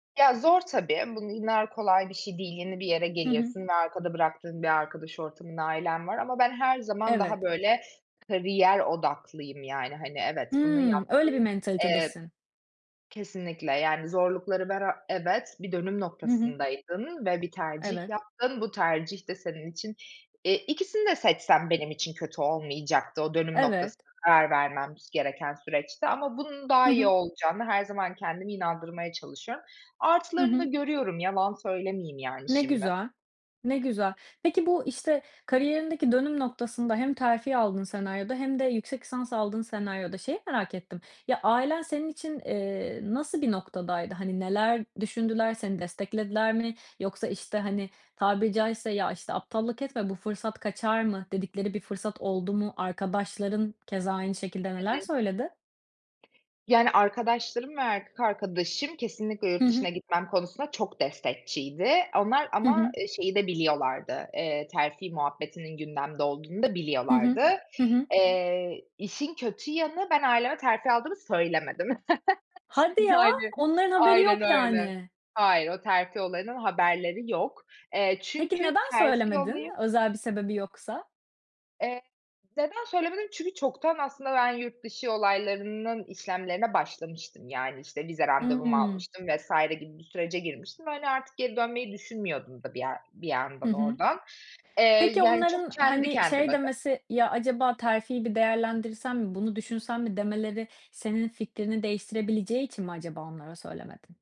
Ya, zor tabii, bu illa kolay bir şey değil, yeni bir yere Hı hı. geliyorsun ve arkada bıraktığın bir arkadaş ortamın, ailen var ama ben her zaman daha Evet. böyle kariyer odaklıyım, yani, hani, evet bunu Hıı. yaptım, Öyle bir eee mentalitedesin. kesinlikle, yani, zorlukları bera evet bir dönüm Hı hı. noktasındaydın ve bir tercih Evet. yaptın. Bu tercih de senin için eee, ikisini de seçsem benim için kötü olmayacaktı o dönüm noktasında, Evet. karar vermem gereken süreçte ama bunun Hı daha iyi hı. olacağına, her zaman kendimi inandırmaya çalışıyorum. Hı Artılarını da hı. görüyorum, yalan söylemeyeyim yani Ne şimdi. güzel. Ne güzel. Peki bu, işte, kariyerindeki dönüm noktasında, hem terfi aldığın senaryoda hem de yüksek lisansa aldığın senaryoda, şeyi merak ettim, ya, ailen senin için, eee, nasıl bir noktadaydı? Hani, neler düşündüler? Seni desteklediler mi? Yoksa işte, hani, tabiri caizse, ya, işte "aptallık etme bu fırsat kaçar mı?" dedikleri bir fırsat oldu mu? Arkadaşların keza aynı şekilde Hı neler hı. söyledi? Yani, arkadaşlarım ve erkek arkadaşım, kesinlikle Hı yurt hı. dışına gitmem konusunda çok destekçiydi onlar Hı ama, hı. eee, şeyi de biliyorlardı, eee, terfi muhabbetinin gündemde olduğunu da Hı hı. biliyorlardı. Hı hı. Eee, işin kötü yanı, ben aileme terfi aldığımı söylemedim. Hadi ya, Yani onların haberi aynen yok öyle. yani. Hayır, o terfi olayından haberleri yok. Eee, Peki çünkü neden terfi söylemedin olayı özel bir sebebi yoksa? Eee, neden söylemedim? Çünkü çoktan aslında ben yurt dışı olaylarının işlemlerine başlamıştım. Yani, işte vize randevumu Hımm. almıştım vs. gibi bir sürece girmiştim ve hani artık geri dönmeyi düşünmüyordum da bir yer bir Hı yandan hı. oradan. Eee, Peki, yani çok onların kendi hani, şey kendime de demesi, "Ya acaba terfi bir değerlendirsen mi, bunu düşünsen mi?" demeleri senin fikrini değiştirebileceği için mi acaba onlara söylemedin?